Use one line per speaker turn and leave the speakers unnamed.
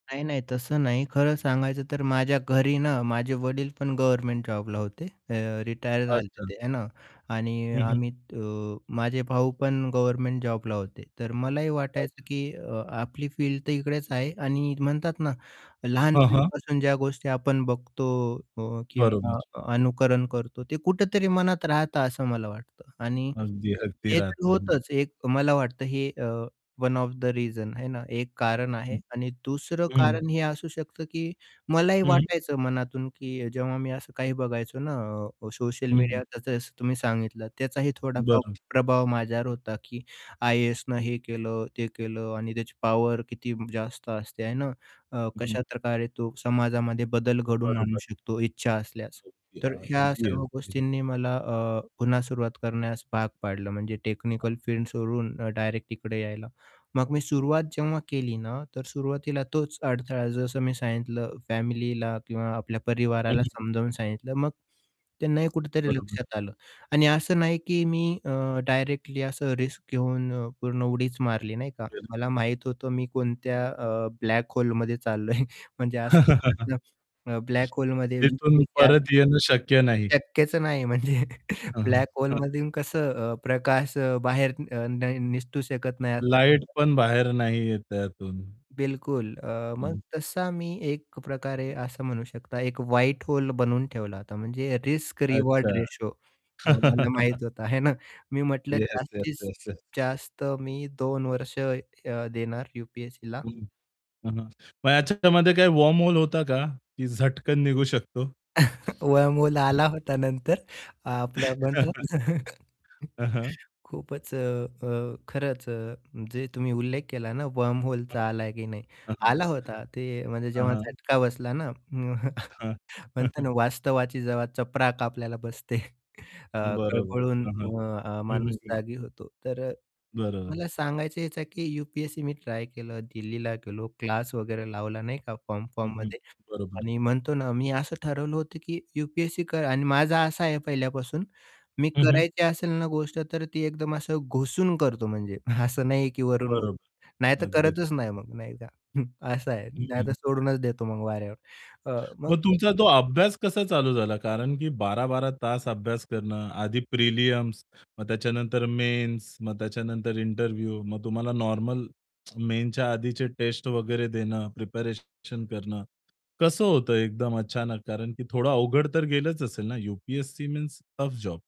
नाही, नाही. तसं नाही खरं सांगायचं तर माझ्या घरी ना, माझे वडील पण गव्हर्नमेंट जॉबला होते, अ, रिटायर झाले
अच्छा.
ते आहे ना, आणि अ,
हं, हं.
आम्ही अ, माझे भाऊ पण गव्हर्नमेंट जॉबला होते. तर मलाही
अच्छा.
वाटायचं की अ, आपली फील्ड तर इकडेच आहे आणि म्हणतात ना
हं, हं.
लहानपणीपासून ज्या गोष्टी आपण बघतो अ, किंवा
बरोबर.
अनुकरण करतो ते कुठेतरी मनात राहतं असं मला वाटतं आणि
अगदी, अगदी
ते
राहतं. हं.
होतंच एक मला वाटतं हे uh, one of the reasons आहे ना. एक कारण आहे
हं,
आणि दुसरं
हं.
कारण हे असू शकतं की मलाही
हं.
वाटायचं मनातून की जेव्हा मी असं काही बघायचो ना, अ, सोशल
हं, हं.
मीडिया जसं तुम्ही सांगितलं त्याचाही थोडा फार
बरं.
प्रभाव माझ्यावर होता, की आय-ए-एसनं हे केलं ते केलं आणि त्याची पॉवर किती जास्त असते आहे ना, अ,
हं, हं.
कशाप्रकारे तो समाजामध्ये बदल घडवून आणू
बरोबर.
शकतो इच्छा असल्यास.
अगदी,
तर ह्या
अगदी,
सर्व
अगदी.
गोष्टींनी मला अ, पुन्हा सुरुवात करण्यास भाग पाडलं म्हणजे टेक्निकल फील्ड सोडून डायरेक्ट तिकडे यायला. मग मी सुरुवात जेव्हा केली ना तर सुरुवातीला तोच अडथळा जसं मी सांगितलं फॅमिलीला किंवा आपल्या
हं,
परिवाराला
हं.
समजावून सांगितलं, मग त्यांनाही कुठेतरी
बरोबर.
लक्षात आलं आणि असं नाही की मी अ, डायरेक्टली असं रिस्क घेऊन अ, पूर्ण उडीच मारली नाही का,
[unintelligible]
मला माहित होतं मी कोणत्या अ, ब्लॅक होलेमध्ये चाललोय म्हणजे असं [unintelligible] ब्लॅक होलेमध्ये
तिथून
यु-पी-एस-सी [unintelligible]
परत येणं शक्य नाही.
शक्यच नाही, म्हणजे
हां, हां,
ब्लॅक
हां.
होलेमधून कसं अ, प्रकाश बाहेर अ, न निसटू शकत नाही असं
लाईट
[unintelligible]
पण बाहेर नाही येत त्यातून.
बिलकुल अ, मग
हं.
तसा मी एक प्रकारे असं म्हणू शकता एक व्हाईट होल बनवून ठेवला होता म्हणजे रिस्क
अच्छा.
रिवॉर्ड रेशिओ अ, मला माहीत होता, हे ना. मी म्हंटलं
येस, येस,
जास्तीत
येस, येस.
जास्त मी 2 वर्ष अ, देणार यु-पी-एस-सीला.
हं, हं, हं. मग याच्यामध्ये काही वर्महोल होता का? की झटकन निघू शकतो?
वर्महोल आला
[unintelligible]
होता नंतर अ, आपलं म्हणतात ना
हं, हं.
खूपच अ, अ, खरंच अ, जे तुम्ही उल्लेख केला ना
हं,
वर्महोलचा आला की नाही.
हं, हं.
आला होता ते म्हणजे
हं,
जेव्हा
हं.
झटका बसला ना,
हां. हं,
म्हणतो
हं.
ना, वास्तव्याची जेव्हा चपराक आपल्या बसते, अ,
बरोबर.
खळबळून
हां, हां,
अ, अ,
हं, हं,
माणूस
हं.
जागी होतो. तर अ,
बरोबर.
मला सांगायचं याचा की यु-पी-एस-सी मी ट्राय केलं, दिल्लीला गेलो, क्लास वगैरे लावला नाही का
हं, हं.
फॉर्म-फॉर्ममध्ये
बरोबर.
आणि म्हणतो ना, मी असं ठरवलं होतं की यु-पी-एस-सी कर अन् माझा असा आहे पहिल्यापासून, मी
हं, हं.
करायची असेल ना, गोष्ट तर ती एकदम असं घुसून करतो म्हणजे, असं नाहीये की वरून-वरून.
बरोबर,
नाही तर
अगदीच.
करतच नाही मग नाही का, असं आहे.
हं,
नाहीतर
हं.
सोडूनच देतो मग वाऱ्यावर अ, मग
मग
अ
तुमचा तो अभ्यास कसा चालू झाला कारण की 12-12 तास अभ्यास करणं आधी प्रीलिम्स मग त्याच्यानंतर मेन्स मग त्याच्यानंतर इंटरव्ह्यू मग तुम्हाला नॉर्मल मेन्सच्या आधीचे टेस्ट वगैरे देणं प्रिपेरेशन करणं, कसं होतं एकदम अचानक कारण की थोडं अवघड तर गेलंच असेल ना यूपीएससी मीन्स टफ जॉब.